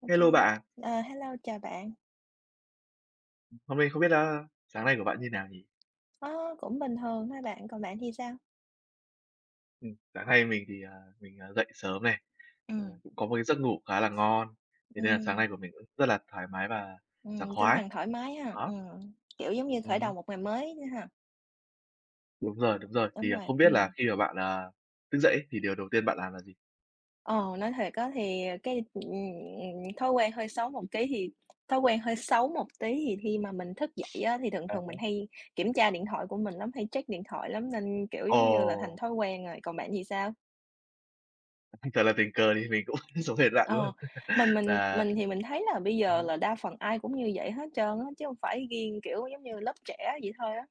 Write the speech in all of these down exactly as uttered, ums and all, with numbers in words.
OK, Hello bạ. ờ, hello, chào bạn. Hôm nay không biết, a, sáng nay của bạn như nào nhỉ? Ơ, cũng bình thường thôi bạn, còn bạn thì sao? Ừm, sáng nay mình thì, à, mình, à, dậy sớm này, ờ, Ừm. cũng có một cái giấc ngủ khá là ngon. Thế nên là sáng Ừm. nay của mình cũng rất là thoải mái và sảng Ừm, tinh khoái. thần thoải mái ha, Đó. ừm, kiểu, giống như khởi Ừm đầu hứm. một ngày mới đó ha. Đúng rồi, đúng rồi. Thì, Đúng à, rồi, không biết là ừm. khi mà bạn, à, thức dậy ấy thì điều đầu tiên bạn làm là gì? Ờ, nói thiệt á thì cái, ừm, ừm, thói quen hơi xấu một kí thì thói quen hơi xấu một tí thì khi mà mình thức dậy á thì thường À thường há. mình hay kiểm tra điện thoại của mình lắm, hay check điện thoại lắm nên, kiểu, giống như là, thành Ồ! thói quen rồi, còn bạn thì sao? Thật là tình cờ thì mình cũng giống hệt bạn Ờ, luôn, mình mình là mình thì mình thấy là bây Ừm giờ hứm. là đa phần ai cũng như vậy hết trơn á, chứ hông phải riêng, kiểu, giống như lớp trẻ vậy thôi á.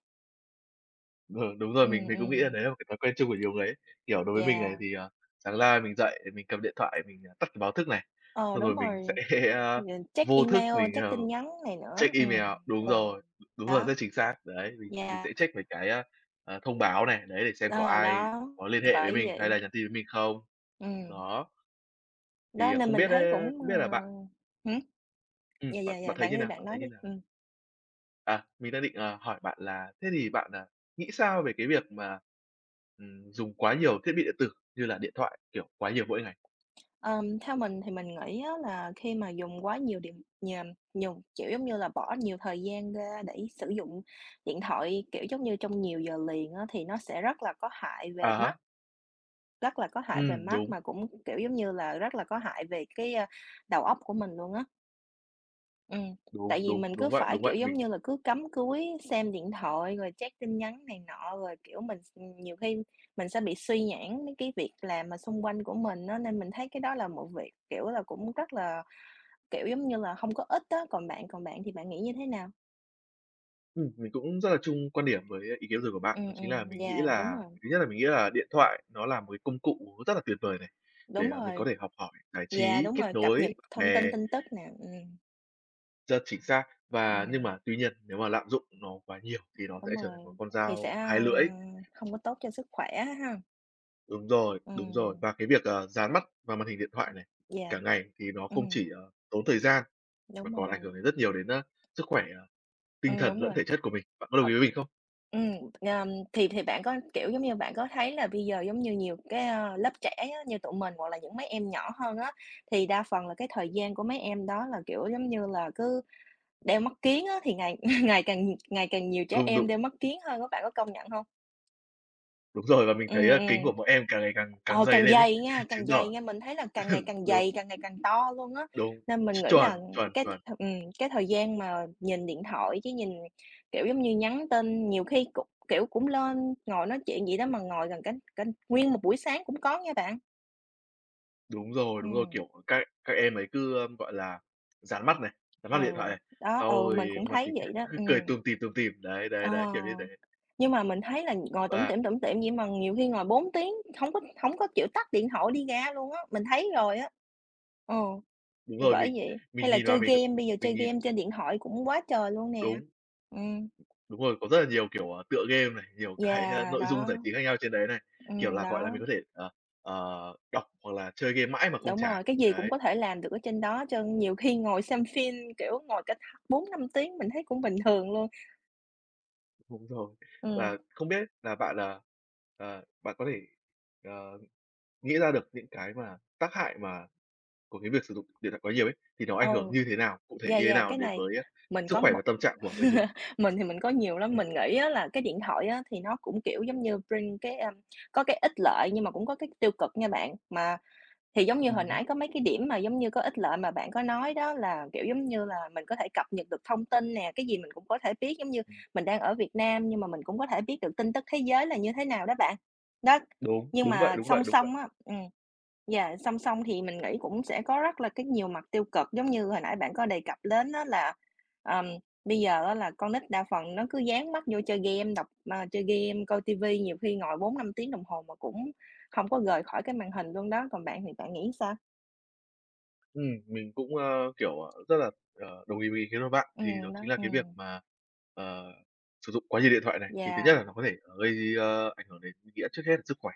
Ừ, đúng rồi, mình Ừm, mình cũng nghĩ là ừm. đấy là một cái thói quen chung của nhiều người ấy. Kiểu, đối với mình này Yeah. thì, ờ, sáng ra mình dậy, mình cầm điện thoại mình, à, tắt cái báo thức này, Ờ, xong đúng rồi mình sẽ rồi, ừm, check vô thức email, mình, check ờ tin nhắn này nữa, check ừm, email, đúng ừm, rồi, đúng rồi, đó. rất chính xác. Đấy, mình mình Yeah. sẽ check mấy cái á, à, thông báo này, đấy, để xem có Ờ, ai đó, có liên thì hệ với bởi mình hay vậy. là nhắn tin với mình không. Ừm. Đó. Đó, Thì, à, nên không mình biết, thấy a, cũng, không biết là bạn ờ, hửm? Ừm, Yeah, bạn yeah, bạn yeah, thấy bạn như nói đi, nào? bạn Bạn nói thấy như đi, nào? ừm. À, mình đang định, à, hỏi bạn là thế thì bạn, à, nghĩ sao về cái việc mà, ừm, dùng quá nhiều thiết bị điện tử như là điện thoại, kiểu, quá nhiều mỗi ngày? Ờm, theo mình thì mình nghĩ á là khi mà dùng quá nhiều điện nh ờm, nhùng chiểu giống như là, bỏ nhiều thời gian ra để sử dụng điện thoại, kiểu giống như, trong nhiều giờ liền á thì nó sẽ rất là có hại À về mắt. há. Rất là có hại về Ừm, mắt đúng. mà cũng, kiểu, giống như là, rất là có hại về cái, a, đầu óc của mình luôn á. Ừm, Đúng, tại vì đúng, mình cứ đúng vậy, phải, đúng vậy, kiểu, giống mình như là, cứ cắm cúi, xem điện thoại rồi check tin nhắn này nọ, rồi, kiểu, mình x ừm, nhiều khi mình sẽ bị suy nhãng mấy cái việc làm mà xung quanh của mình á, nên mình thấy cái đó là một việc, kiểu là, cũng rất là, kiểu, giống như là hông có ích á, còn bạn còn bạn thì bạn nghĩ như thế nào? Ừm, mình cũng rất là chung quan điểm với ý kiến vừa rồi của bạn. Đó Ừm, chính là ừm, mình nghĩ yeah, đúng là, rồi. thứ nhất là mình nghĩ là điện thoại nó là một cái công cụ nó rất là tuyệt vời này, Đúng để, à, mình có rồi. thể học hỏi, giải Yeah, trí, đúng kết rồi, cập nhật nối bạn thông tin bè. tin tức nè, ừm. Rất chính xác, và nhưng Ừm. mà tuy nhiên nếu mà lạm dụng nó quá nhiều thì nó sẽ Đúng trở thành một rồi, con thì sẽ, dao hai a, lưỡi. không có tốt cho sức khỏe á ha! Đúng rồi, đúng rồi. Ừm. Và cái việc, ờ, dán mắt vào màn hình điện thoại này Yeah! cả ngày thì nó không Ừm. chỉ, ờ, tốn thời gian, mà Đúng còn ảnh hưởng rồi. đến rất nhiều đến, a, sức khỏe tinh Ừm, thần đúng lẫn rồi. thể chất của mình. Bạn có đồng ý Ùm. với mình không? Ừm, ờ, thì thì bạn có kiểu, giống như, bạn có thấy là bây giờ giống như nhiều cái, ờ, lớp trẻ á như tụi mình hoặc là những mấy em nhỏ hơn á, thì đa phần là cái thời gian của mấy em đó là, kiểu, giống như là, cứ đeo mắt kiếng á. Thì ngày ngày càng ngày càng nhiều trẻ Đúng, em đúng. đeo mắt kiếng hơn á, bạn có công nhận hông? Đúng rồi, và mình thấy, Ừm, ơ, kính ừm. của mỗi em càng ngày càng càng Ờ, dày càng lên ấy, dày nha càng chứng dày tỏ nha. Mình thấy là càng ngày ừm, càng đúng. dày, càng ngày càng to luôn á. Đúng. Nên mình Ch nghĩ chuẩn, là chuẩn, cái th chuẩn! ừm, cái thời gian mà nhìn điện thoại với nhìn, kiểu, giống như, nhắn tin nhiều khi cũng, kiểu, cũng lên ngồi nói chuyện vậy đó mà ngồi gần cả cả nguyên một buổi sáng cũng có nha bạn. Đúng rồi, đúng rồi. Ừm. Kiểu, các các em ấy cứ, gọi là, dán mắt này, dán Ừ, mắt vào điện thoại này. đó. Sau Ừ, mình thì cũng mặt thấy thì cứ vậy đó. cứ Ừm. cười tủm tỉm, tủm tỉm. Đấy, đấy, đấy, Ờ. kiểu như thế. Nhưng mà mình thấy là ngồi tủm Và tỉm, tủm tỉm vậy mà nhiều khi ngồi bốn tiếng, hổng có hổng có chịu tắt điện thoại đi ra luôn á, mình thấy rồi á. Ờ, Đúng thì rồi, bởi vì vậy, hay mình là nhìn vào chơi mình game, [unintelligible] bây giờ chơi mình nhìn game trên điện thoại cũng quá trời luôn nè. Đúng. Ừm. Đúng rồi, có rất là nhiều, kiểu, ờ, tựa game này, nhiều cái, ơ, Yeah! nội dung Đó. giải trí khác nhau trên đấy này. Kiểu Ừm, là, gọi là, mình đó. có thể, ờ, ờ, đọc hoặc là chơi game mãi mà không Đúng chán, rồi, cái gì cũng đấy. có thể làm được ở trên đó hết trơn. Nhiều khi ngồi xem phim, kiểu, ngồi cả bốn năm tiếng mình thấy cũng bình thường luôn. Đúng rồi. Ừm. Và không biết là bạn, ờ, ờ, bạn có thể, ờ, nghĩ ra được những cái mà tác hại mà của cái việc sử dụng điện thoại quá nhiều ấy, thì nó Ừ, ảnh hưởng như thế nào? Cụ thể yeah, như thế yeah, nào cái đến này với, a, mình sức có khỏe một và tâm trạng của người dùng? mình thì mình có nhiều lắm, Ừm. mình nghĩ á là cái điện thoại á thì nó cũng, kiểu, giống như, bring cái, a, có cái ích lợi nhưng mà cũng có cái tiêu cực nha bạn. Mà thì, giống như, hồi Ừm hứm. nãy có mấy cái điểm mà, giống như, có ích lợi mà bạn có nói đó là, kiểu, giống như là, mình có thể cập nhật được thông tin nè, cái gì mình cũng có thể biết, giống như, mình đang ở Việt Nam nhưng mà mình cũng có thể biết được tin tức thế giới là như thế nào đó bạn. Đó, Đúng, nhưng đúng vậy, mà đúng vậy, song đúng vậy. song á, ừm, yeah, song song thì mình nghĩ cũng sẽ có rất là cái nhiều mặt tiêu cực. Giống như hồi nãy bạn có đề cập đến á là, ờm, bây giờ á là con nít đa phần nó cứ dán mắt vô chơi game, đọc ờ, chơi game, coi ti vi nhiều khi ngồi bốn, năm tiếng đồng hồ mà cũng không có rời khỏi cái màn hình luôn đó, còn bạn thì bạn nghĩ sao? Ừm, mình cũng, ơ, kiểu, ờ, rất là, ờ, đồng ý với ý kiến của bạn, thì đó Ừm, đó, chính là cái việc ừm. mà, ờ, sử dụng quá nhiều điện thoại này. Thì thứ nhất Yeah. là nó có thể, à, gây, a, ảnh hưởng đến mình nghĩ trước hết là sức khỏe.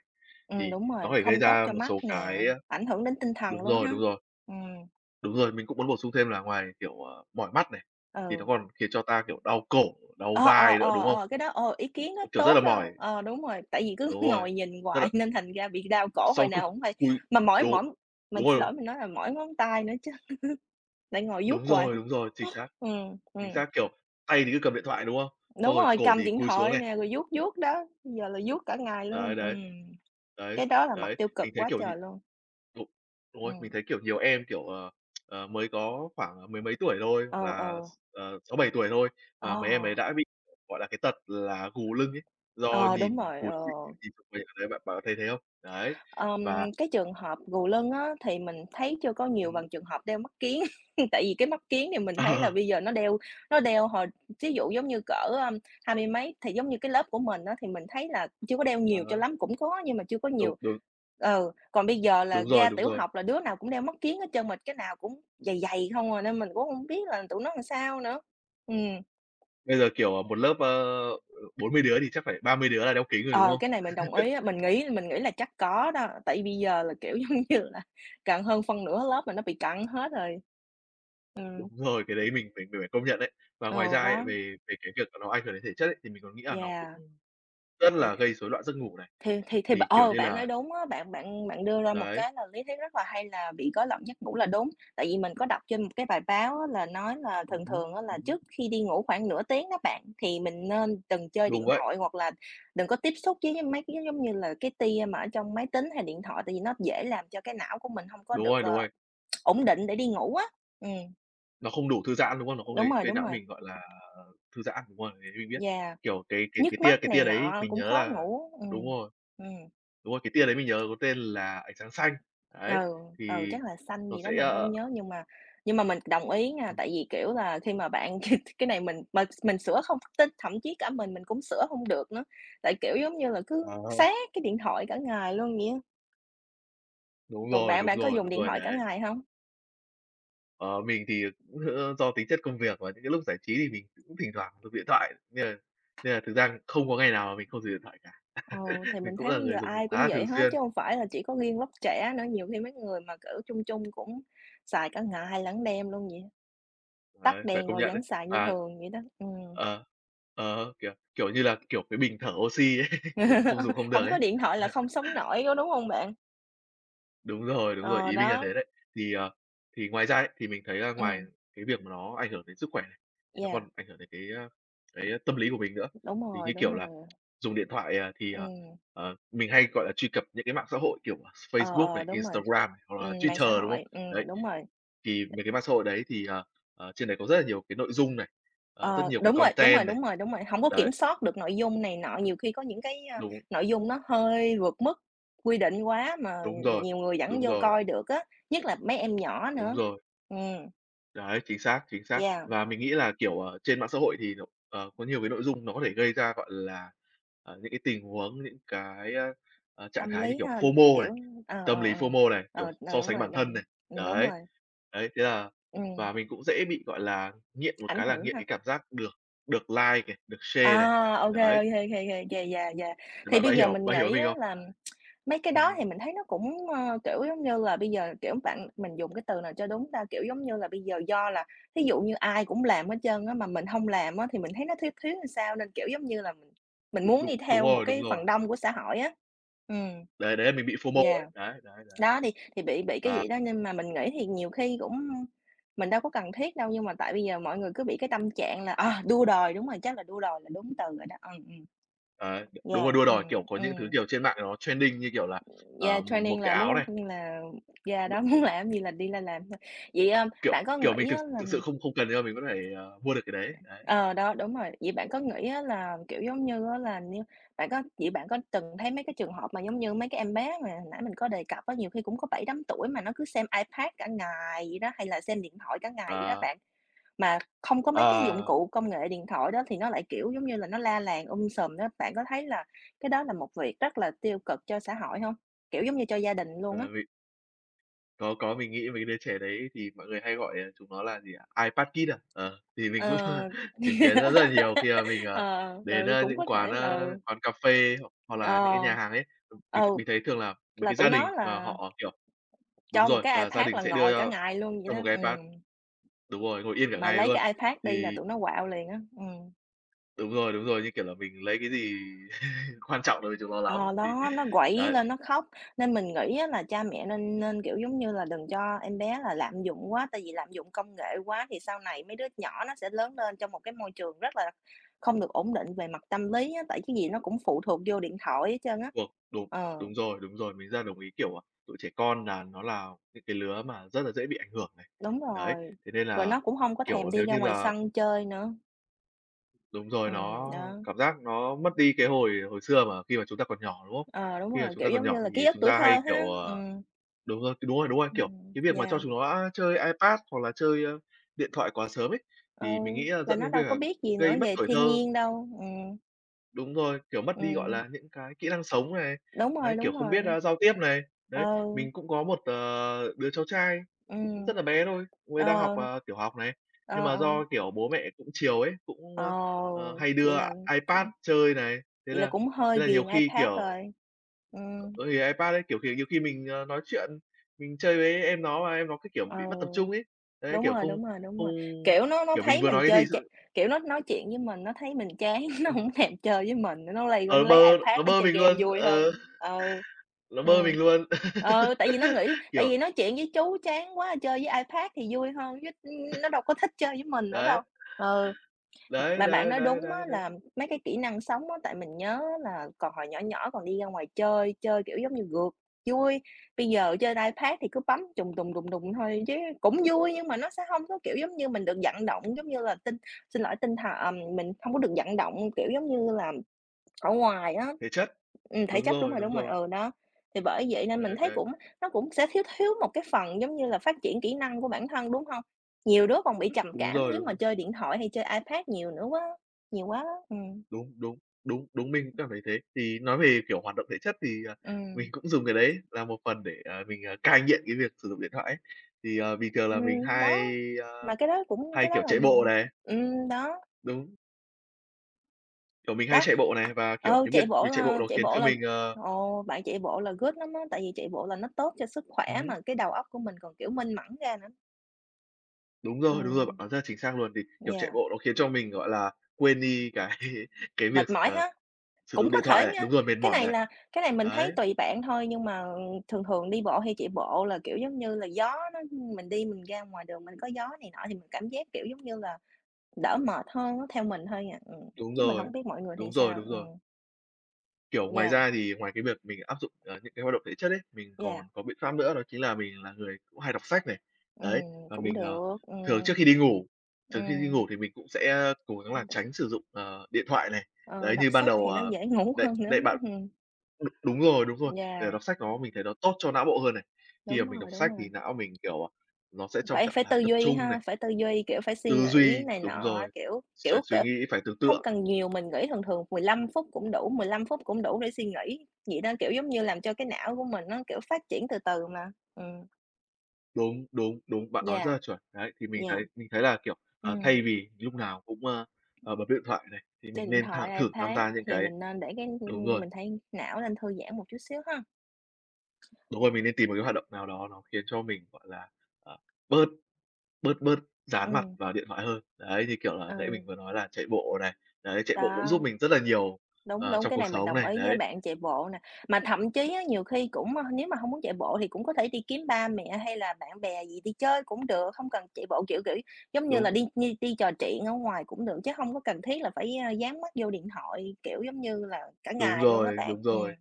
Ừm, Thì đúng nó rồi, có thể gây không tốt ra cho một mắt số nè, cái, a ảnh hưởng đến tinh thần đúng luôn rồi, ha? đúng rồi. Ừm. Đúng rồi, mình cũng muốn bổ sung thêm là ngoài, kiểu, ờ, mỏi mắt này, thì nó Ừ. còn khiến cho ta, kiểu, đau cổ, đau Ờ, ờ, vai nữa, ờ, đúng hông? ờ, cái đó, ờ, ý kiến đó Kiểu, rất tốt là đó, mỏi. ờ, đúng rồi, tại vì cứ Đúng rồi, ngồi nhìn tức là hoài nên thành ra bị đau cổ hồi Sau cứ nào hổng hay, cúi mà mỏi Đốn mỏi mình đúng xin rồi. lỗi mình nói là mỏi ngón tay nữa chứ, lại ngồi vuốt Đúng hoài. rồi, đúng rồi, chính xác. Ừm, Chính ừm. xác, kiểu, tay thì cứ cầm điện thoại, đúng không? Đúng Xong rồi rồi, cổ cầm thì điện cúi xuống thoại này. nè, rồi vuốt vuốt đó, giờ là vuốt cả ngày luôn, Đấy, đấy, ừm, đấy, cái đó là mặt đấy, tiêu cực mình thấy, quá kiểu trời nhìn luôn. đúng, đúng rồi, Ừm. mình thấy, kiểu, nhiều em, kiểu, ờ, ờ, mới có khoảng mười mấy tuổi thôi, Ừ, hoặc là, ừ. x ờ, sáu, bảy tuổi thôi, mà mấy em ấy Ờ. đã bị, gọi là, cái tật là gù lưng ấy, do Ờ, đúng nhìn rồi, cúi ờ. [unintelligible] bạn có thấy thế không? Đấy. Ờm, Và cái trường hợp gù lưng á thì mình thấy chưa có nhiều Ừm bằng hứm. trường hợp đeo mắt kiếng, tại vì cái mắt kiếng thì mình thấy là Ờ. bây giờ nó đeo nó đeo hồi thí dụ giống như cỡ, a, hai mươi mấy thì giống như cái lớp của mình á, thì mình thấy là chưa có đeo Ờ nhiều cho hớ. lắm, cũng có nhưng mà chưa có Đúng, nhiều. đúng. Ừ, còn bây giờ là Đúng rồi, ra đúng tiểu rồi. học là đứa nào cũng đeo mắt kiếng hết trơn, mà cái nào cũng dày dày không à nên mình cũng hông biết là tụi nó ừn sao nữa. Ừm. Bây giờ, kiểu, ờ, một lớp, ơ, ờ, bốn mươi đứa thì chắc phải ba mươi đứa là đeo kính rồi, đúng Ờ, không? cái này mình đồng ý á, mình nghĩ mình nghĩ là chắc có đó, tại bây giờ là, kiểu, giống như là, càng hơn phân nửa lớp mà nó bị cận hết rồi. Ừm. Đúng rồi, cái đấy mình phải mình phải công nhận ấy. Và ngoài Ừ, ra ấy, đó. về về cái việc nó ảnh hưởng đến thể chất ấy, thì mình còn nghĩ là nó Yeah. cũng rất Thì là gây rối loạn giấc ngủ này. thì thì b Thì, kiểu ờ, như bạn là nói đúng á, bạn bạn bạn đưa ra một Đấy. cái là lý thuyết rất là hay là bị rối loạn giấc ngủ là đúng, tại vì mình có đọc trên một cái bài báo á, là nói là Ừm thường hứm. thường á là Ừm hứm. trước khi đi ngủ khoảng nửa tiếng đó bạn, thì mình nên đừng chơi Đúng điện vậy. thoại hoặc là đừng có tiếp xúc với với mấy cái, giống như là, cái tia mà ở trong máy tính hay điện thoại, tại vì nó dễ làm cho cái não của mình hông có Đúng được, rồi, đúng ờ, rồi. ổn định để đi ngủ á. Ừm. Nó không đủ thư giãn, đúng không? Nó có Đúng gây rồi, gây đúng não rồi. mình, gọi là, à, ờ, thư giãn, đúng rồi, mình mình biết. Yeah, Kiểu, cái cái cái nhức tia mắt cái này tia đấy nọ mình cũng nhớ khó là ngủ. đúng Ừm, rồi, ừm. đúng rồi, cái tia đấy mình nhớ có tên là ánh sáng xanh. Ừ, Đấy, ừ, thì chắc là xanh nó gì đó sẽ, mình ờ, ờ hông nhớ, nhưng mà nhưng mà mình đồng ý nha, Ừm. tại vì, kiểu, là khi mà bạn cái cái này mình mệt mình sửa không tin, thậm chí cả mình mình cũng sửa hông được nữa. Tại, kiểu, giống như là, À cứ ha. sát cái điện thoại cả ngày luôn vậy á. Đúng Còn rồi, bạn, đúng bạn có rồi, dùng đúng điện rồi thoại cả đấy. ngày hông? Ờ, mình thì, ờ, cũng, ơ, do tính chất công việc và những cái lúc giải trí thì mình cũng thỉnh thoảng dùng điện thoại, nên là nên là thực ra không có ngày nào mà mình không dùng điện thoại cả. Ừ, thì Mình mình cũng thấy là bây giờ người dùng ai khá cũng là vậy thường hết, xuyên. chứ hông phải là chỉ có riêng lớp trẻ nữa, nhiều khi mấy người mà, kiểu, trung trung cũng xài cả ngày lẫn đêm luôn vậy đó. Đấy, Tắt phải đèn công rồi nhận đấy. vẫn xài như À. thường vậy đó, ừm. Ờ, ờ, kiểu, kiểu như là, cái, kiểu, cái bình thở oxi đấy, kiểu, không dùng không được Hổng ấy. có điện thoại là không sống nổi, có đúng hông bạn? Đúng rồi, đúng rồi, Ờ, ý minh là đó. thế đấy. Thì, ờ, thì ngoài ra ấy, thì mình thấy là ngoài Ừm. cái việc mà nó ảnh hưởng đến sức khỏe, thì nó Yeah. còn ảnh hưởng đến cái, a, cái tâm lý của mình nữa. Đúng Thì, rồi, như đúng kiểu là, rồi. dùng điện thoại, ờ, thì, ờ, Ừm. ờ, mình hay, gọi là, truy cập những cái mạng xã hội, kiểu, à, Ờ, Facebook ờ, này, đúng rồi. Instagram này, hoặc là Ừm, mạng xã Twitter, đúng hội, không? Đấy, ừm, đúng rồi. thì mấy cái mạng xã hội đấy thì, ờ, ờ, trên đấy có rất là nhiều cái nội dung này, ờ, rất Ờ, nhiều cái đúng rồi, đúng rồi, content này. đúng rồi, đúng rồi, hổng có kiểm Đấy. soát được nội dung này nọ, nhiều khi có những cái, a, Đúng. nội dung nó hơi vượt mức quy định quá mà, Đúng ừm, ừm, rồi, nhiều người vẫn đúng vô rồi. coi được á, nhất là mấy em nhỏ Đúng nữa. rồi. Ừm. Đấy, chính xác, chính xác. Yeah! Và mình nghĩ là, kiểu, ờ, trên mạng xã hội thì nhiều ờ, có nhiều cái nội dung nó có thể gây ra, gọi là, à, những cái tình huống, những cái, a, ờ, trạng Tâm thái như lý kiểu ha, FOMO này, kiểu ờ, ờ, tâm lý ờ, FOMO này, kiểu, ờ, ờ, so đúng sánh rồi, bản thân này, đúng, ừm, đúng đấy. rồi. Đấy, thế là Ừm. và mình cũng dễ bị, gọi là, nghiện một Ảnh cái là hưởng nghiện ha. cái cảm giác được được like này, được share này, À, ô kê, ô đấy. kê, ô kê, ô kê, yeah, yeah, yeah! Thế Thì bạn bây bạn giờ hiểu mình bạn hiểu ý nghĩ mình á không? là mấy cái đó Ừm. thì mình thấy nó cũng, ơ, kiểu, giống như là bây giờ, kiểu, bạn mình dùng cái từ nào cho đúng ta? Kiểu, giống như là, bây giờ do là thí dụ như ai cũng làm hết trơn á, mà mình hông làm á thì mình thấy nó thiếu thiếu sao, nên, kiểu, giống như là, mình mình Đúng, muốn đúng, đi đúng theo một rồi, đúng cái phần rồi. đông của xã hội á. Ừm. Đấy, đấy là mình bị FOMO ấy, Yeah. đấy, đấy, đấy. Đó thì thì bị bị cái Và vậy đó, nên mà mình nghĩ thì nhiều khi cũng mình đâu có cần thiết đâu nhưng mà tại bây giờ mọi người cứ bị cái tâm trạng là ờ, đua đòi đúng rồi, chắc là đua đòi là đúng từ rồi đó, ờ ừm. Đấy, đ đúng Yeah, rồi, đua đòi, kiểu, ừm, có những thứ, ừm. kiểu, trên mạng nó trending, như kiểu là, Yeah, ờ, m một trending cái là áo muốn, này. coi như là yeah, Đúng. đó, muốn làm gì là đi là làm thôi. Vậy, ơ, Kiểu, bạn có kiểu, mình nghĩ thực á là thực sự không không cần nhưng mà mình vẫn phải, ờ, mua được cái đấy. Đấy. ờ, đó, đúng rồi. Vậy bạn có nghĩ á là, kiểu, giống như, á là như bạn có vậy bạn có từng thấy mấy cái trường hợp mà, giống như, mấy cái em bé mà hồi nãy mình có đề cập á, nhiều khi cũng có bảy tám tuổi mà nó cứ xem iPad cả ngày vậy đó, hay là xem điện thoại cả ngày vậy đó Ờ. bạn. Mà không có mấy cái dụng Ờ. cụ công nghệ điện thoại đó thì nó lại, kiểu, giống như là, nó la làng um sùm đó, bạn có thấy là cái đó là một việc rất là tiêu cực cho xã hội hông? Kiểu, giống như, cho gia đình luôn á. Ờ, vì Có, có, mình nghĩ mấy cái đứa trẻ đấy thì mọi người hay gọi đấy là chúng nó là gì ạ? iPad kid à? Ờ, thì mình cũng Ờ. chứng kiến rất là nhiều khi mà mình, ờ, Ờ, đến, ừ, à, cũng những có quán, thể. a, Ờ. quán cà phê hoặc hoặc là những Ờ. cái nhà hàng ấy. M mình Ừ, mình thấy thường là mấy là cái tụi gia nó đình mà là họ, kiểu đúng cho một rồi, cái là gia Ipad đình là sẽ đưa ngồi cả ngày luôn vậy cho đó. một cái iPad. Ừm. Đúng rồi, ngồi yên cả Mà ngày lấy luôn. cái iPad đi là Thì tụi nó quạu liền á. Ừm. Đúng rồi, đúng rồi, như kiểu là mình lấy cái gì quan trọng đối với chúng nó lắm, Ờ, thì đó. Nó quẩy đấy. lên nó khóc, nên mình nghĩ á là cha mẹ nên nên, kiểu, giống Ừm. như là, đừng cho em bé là lạm dụng quá. Tại vì lạm dụng công nghệ quá thì sau này mấy đứa nhỏ nó sẽ lớn lên trong một cái môi trường rất là không được ổn định về mặt tâm lý á, tại cái gì nó cũng phụ thuộc vô điện thoại hết trơn á. Thuộc đúng, Ờ. đúng rồi, đúng rồi! Mình rất là đồng ý. Kiểu, à, tụi trẻ con là nó là những cái lứa mà rất là dễ bị ảnh hưởng này. Đúng Đấy. rồi! Thế nên Rồi là, nó cũng hông có thèm kiểu, đi nếu ra như ngoài là sân chơi nữa. Đúng rồi. Ừm, Nó đó. cảm giác nó mất đi cái hồi hồi xưa mà khi mà chúng ta còn nhỏ, đúng không? Ờ, đúng Khi mà rồi. chúng Kiểu, ta còn giống như nhỏ là thì ký ức chúng tuổi ta thơ hay, kiểu, ha! ờ Ừm. đúng rồi, cái đúng rồi, đúng rồi! Kiểu, Ừm, cái việc mà yeah! cho chúng nó, a, chơi iPad hoặc là chơi điện thoại quá sớm ấy, Ừ, thì mình nghĩ là là dẫn nó đến việc đâu có là biết gì nữa gây mất về tuổi thiên thơ. nhiên đâu. Ừm. Đúng rồi, kiểu mất đi, gọi Ừm. là, những cái kỹ năng sống này, Đúng đấy, rồi, kiểu, đúng không biết, rồi. a, giao tiếp này, đấy. Ừ. Mình cũng có một, ờ, đứa cháu trai cũng Ừm. rất là bé thôi, cu ấy đang học, Ờ. ờ, tiểu học này. Nhưng Ờ, mà ờ. do, kiểu, bố mẹ cũng chiều ấy, cũng, Ờ, ơ, ờ, hay vậy đưa i là iPad cũng chơi này, thế vậy là là cũng hơi thế là nhiều ghiền khi, iPad kiểu rồi. Ừm. Ừ, thì iPad ấy, kiểu, kiểu, nhiều, ờ, khi mình nói chuyện, mình chơi với em nó mà em nó cái kiểu Ừ, bị mất tập trung ấy. Đấy, đúng kiểu, rồi, không đúng rồi, đúng không rồi, kiểu, nó nó kiểu, mình thấy vừa mình nói cái gì chơi s ch [unintelligible] kiểu, nó nói chuyện với mình, nó thấy mình chán, nó Ừm. hổng thèm chơi với mình, cái nó lây qua Ờ, nó lấy bơ iPad nó nó bơ chơi mình game luôn, vui ừ. hơn. Ừ. Nó bơ Ừm. mình luôn. Ừ, tại vì nó nghĩ tại Kiểu vì nói chuyện với chú chán quá, chơi với iPad thì vui hơn chứ, ừm, ừm, nó đâu có thích chơi với mình nữa đâu. Đấy. Ừ, mà Đấy, mà bạn đấy, nói đấy, đúng đấy, á đấy. là mấy cái kỹ năng sống á, tại mình nhớ á là còn hồi nhỏ nhỏ còn đi ra ngoài chơi, chơi kiểu giống như rượt vui. Bây giờ chơi iPad thì cứ bấm trùng đùng, đùng, đùng thôi chứ cũng vui, nhưng mà nó sẽ hông có, kiểu, giống như mình được vận động, giống như là tinh xin lỗi, tinh th à, mình hông có được vận động, kiểu, giống như là, ở ngoài á. Thể chất. Ừm, thể Đúng chất, đúng rồi, rồi, đúng đúng rồi, rồi. ừ, đó. Thì bởi vậy nên mình Đấy, thấy đấy. cũng nó cũng sẽ thiếu thiếu một cái phần giống như là phát triển kỹ năng của bản thân, đúng hông? Nhiều đứa còn bị trầm Đúng cảm rồi, nếu mà đúng. chơi điện thoại hay chơi iPad nhiều nữa quá nhiều quá á, ừm. Đúng, đúng, đúng, đúng, mình cũng cảm thấy thế. Thì nói về, kiểu, hoạt động thể chất, thì, à, Ừm. mình cũng dùng cái đấy là một phần để, à, mình, à, cai nghiện cái việc sử dụng điện thoại ấy. Thì, ờ, bình thường là mình Ừm, đó, hay, ơ, mà cái đó cũng hay, cái đó kiểu, là chạy một bộ này. ừm, đó. Đúng. Kiểu, mình hay Đó, chạy bộ này và, kiểu, ừ, cái chạy việc bộ việc chạy bộ là nó chạy khiến bộ cho là, mình, ờ ồ, bạn chạy bộ là good lắm á, tại vì chạy bộ là nó tốt cho sức Ừm khỏe hứm. mà cái đầu óc của mình còn, kiểu, minh mẫn ra nữa. Đúng rồi, đúng rồi, bạn Ừm. nói rất là chính xác luôn, vì, kiểu, chạy Yeah. bộ nó khiến cho mình, gọi là, quên đi cái cái việc, Mệt mỏi ờ, ha. sử Cũng dụng có điện thể thoại này nha, đúng rồi, mệt cái mỏi này này, là cái này mình thấy đấy. tùy bạn thôi, nhưng mà, ờ, ừm, thường thường đi bộ hay chạy bộ là, kiểu, giống như là, gió nó mình đi mình ra ngoài đường mình có gió này nọ thì mình cảm giác, kiểu, giống như là, đỡ mệt hơn á, theo mình thôi à. Ừm, Đúng chứ mình rồi, không biết mọi người thì đúng rồi, sao. đúng rồi. Ừm. Kiểu, ngoài Yeah. ra thì ngoài cái việc mình áp dụng, ờ, những cái hoạt động thể chất ấy, mình Yeah. còn có biện pháp nữa đó chính là mình là người cũng hay đọc sách này. Đấy, Ừm, và cũng mình, ờ, được, thường ừm. trước khi đi ngủ, thường khi đi Ừm. ngủ thì mình cũng sẽ, ơ, cố gắng là tránh sử dụng, ờ, điện thoại này. Ờ, Đấy, đọc như ban sách đầu, thì nó ờ, dễ ngủ hơn đấy, nữa, đấy bạn. hứm ừm. Đúng, đúng rồi, đúng rồi, kiểu, Yeah. đọc sách nó mình thấy nó tốt cho não bộ hơn này. Khi Đúng mà mình rồi, đọc đúng sách thì rồi. não mình, kiểu, à, nó sẽ trong Phải trạng phải thái tư tập duy trung ha, này. phải tư duy, kiểu, phải suy Tư nghĩ duy này đúng nọ, rồi, kiểu sẽ kiểu suy kiểu, nghĩ, phải tưởng hông tượng. cần nhiều, mình nghỉ thường thường mười lăm phút cũng đủ, mười lăm phút cũng đủ để suy nghĩ, vậy đó, kiểu, giống như làm cho cái não của mình nó, kiểu, phát triển từ từ mà. Ừm. Đúng, đúng, đúng, bạn nói rất Yeah. là chuẩn, đấy. Thì mình Yeah. thấy mình thấy là, kiểu, ờ, Ừm. thay vì lúc nào cũng, ờ, ờ, bấm điện thoại này, thì Chơi mình điện nên thẳng thoại, thử tham iPad gia những thì cái mình nên để cái hưm, đúng hưm, rồi. mình thấy não nên thư giãn một chút xíu ha! Đúng rồi, mình nên tìm một cái hoạt động nào đó nó khiến cho mình, gọi là, à, bớt bớt bớt dán mặt Ừm. vào điện thoại hơn. Đấy, như kiểu là nãy mình Ừ. vừa nói là chạy bộ này, đấy, chạy bộ cũng Đó, giúp mình rất là nhiều, đúng, ờ, đúng, trong cái cuộc này mình sống đồng này, ý với đấy. bạn, chạy bộ nè, mà thậm chí á nhiều khi cũng ơ, nếu mà hông muốn chạy bộ thì cũng có thể đi kiếm ba mẹ hay là bạn bè gì đi chơi cũng được, không cần chạy bộ. Kiểu, kiểu, giống như là Đúng. đi đi đi trò chuyện ở ngoài cũng được, chứ hông có cần thiết là phải, a, dán mắt vô điện thoại, kiểu giống như là, cả Đúng ngày luôn á rồi, bạn, đúng ừm. rồi.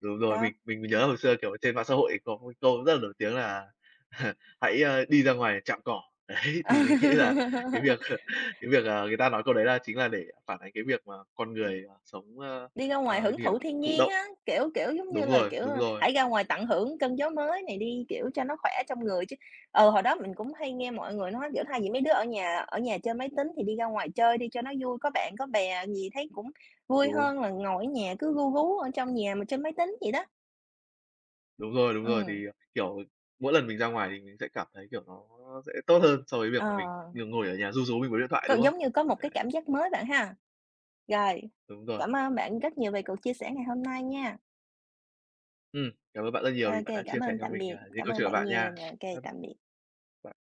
Đúng rồi, Đó. mình mình nhớ hồi xưa, kiểu, ở trên mạng xã hội có một cái câu rất là nổi tiếng là "Hãy, a, đi ra ngoài chạm cỏ." Đấy, thì mình nghĩ là cái việc cái việc, à, người ta nói câu đấy là chính là để phản ánh cái việc mà con người, ờ, sống ờ, Đi ra ngoài ờ, hưởng gì nhỉ? thụ thiên Thụ nhiên động. á, kiểu, kiểu, giống như Đúng là, rồi, kiểu, đúng rồi. hãy ra ngoài tận hưởng cơn gió mới này đi, kiểu, cho nó khỏe trong người chứ ừ, hồi đó mình cũng hay nghe mọi người nói, kiểu, thay vì mấy đứa ở nhà ở nhà chơi máy tính thì đi ra ngoài chơi đi cho nó vui, có bạn, có bè gì thấy cũng vui Đúng. hơn là ngồi ở nhà, cứ ru rú ở trong nhà mà chơi máy tính vậy đó. Đúng rồi, đúng rồi, Ừm. thì, ờ, kiểu, mỗi lần mình ra ngoài thì mình sẽ cảm thấy, kiểu, nó sẽ tốt hơn so với việc mà mình Ờ. nh ngồi ở nhà ru rú mình với điện thoại, C đúng không? giống như có một cái Đấy. cảm giác mới bạn ha! Rồi, Đúng rồi. cảm ơn bạn rất nhiều về cuộc chia sẻ ngày hôm nay nha. Ừm, cảm ơn bạn rất Ô nhiều vì bạn kê, đã cảm chia sẻ ơn cho tạm mình, biệt, à, những cảm câu ơn chuyện của bạn bạn nhiều nha. nè, ô kê, Bye b tạm biệt. bạn.